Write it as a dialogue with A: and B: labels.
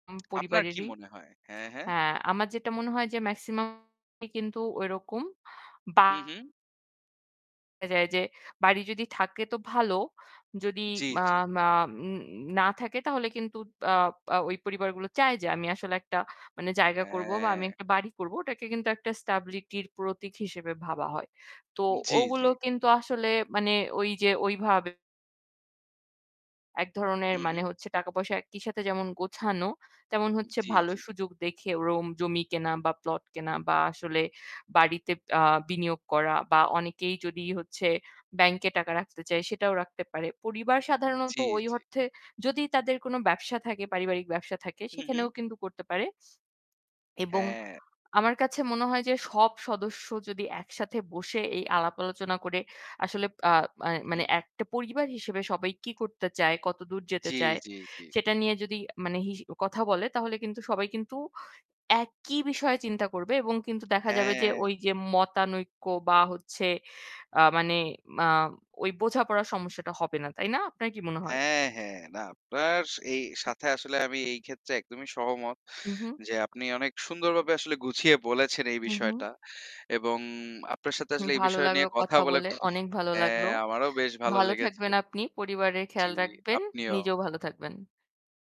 A: উম
B: আপনার কি
A: পরিবারেরই।
B: মনে হয়? হ্যাঁ, হ্যাঁ।
A: হ্যাঁ, আমার যেটা মনে হয় যে maximum ই কিন্তু ওইরকম বা
B: হুম, হুম।
A: দেখা যায় যে বাড়ি যদি থাকে তো ভালো। যদি
B: হুম, জি,
A: মা
B: জি।
A: মা উম না থাকে তাহলে কিন্তু তা আ ওই পরিবারগুলো চায় যে আমি আসলে একটা মানে জায়গা করবো বা
B: হ্যাঁ।
A: আমি একটা বাড়ি করবো। ওটাকে কিন্তু একটা stability র প্রতীক হিসেবে ভাবা হয়। তো
B: জি, জি।
A: ওগুলো কিন্তু আসলে মানে ঐযে ওইভাবে এক ধরনের
B: হু, হুম।
A: মানে হচ্ছে টাকা-পয়সা একই সাথে যেমন গোছানো, তেমন হচ্ছে
B: জি,
A: ভালো
B: জি।
A: সুযোগ দেখে রোম জমি কেনা বা প্লট কেনা বা আসলে বাড়িতে আ বিনিয়োগ করা। বা অনেকেই যদি হচ্ছে ব্যাংকে টাকা রাখতে চায় সেটাও রাখতে পারে। পরিবার
B: উ
A: সাধারণত
B: জি,
A: ওই
B: জি।
A: অর্থে যদি তাদের কোনো ব্যবসা থাকে পারিবারিক ব্যবসা থাকে
B: হু,
A: সেখানেও
B: হুম।
A: কিন্তু করতে পারে। এবং
B: হ্যাঁ।
A: আমার কাছে মনে হয় যে সব সদস্য যদি একসাথে বসে এই আলাপ আলোচনা করে আসলে আ মা
B: হু,
A: মানে
B: হুম।
A: একটা পরিবার হিসেবে সবাই কি করতে চায়, কতদূর যেতে
B: জি,
A: চায়,
B: জি, জি।
A: সেটা নিয়ে যদি মানে হিস কথা বলে তাহলে কিন্তু সবাই কিন্তু একই বিষয়ে চিন্তা করবে এবং কিন্তু দেখা যাবে যে
B: হ্যাঁ।
A: ঐযে মতানৈক্য বা হচ্ছে আ মানে মা ঐ বোঝাপড়ার সমস্যাটা হবে না। তাই না? আপনার কি মনে হয়?
B: হ্যাঁ, হ্যাঁ। না, আপনার সা এই সাথে আসলে আমি এইক্ষেত্রে একদমই সহমত
A: উ হু।
B: যে আপনি অনেক সুন্দরভাবে আসলে গুছিয়ে বলেছেন এই
A: হু, হু।
B: বিষয়টা। এবং আপনার সাথে
A: হু,
B: আসলে এই
A: ভালো
B: বিষয় নিয়ে
A: লাগলো
B: কথা
A: কথা
B: বলে
A: বলে,
B: খু
A: অনেক ভালো লাগলো।
B: হ্যাঁ, আমারও বেশ ভালো
A: ভালো
B: লেগেছে।
A: থাকবেন আপনি, পরিবারের
B: জি,
A: খেয়াল রাখবেন,
B: আপনিও।
A: নিজেও ভালো থাকবেন।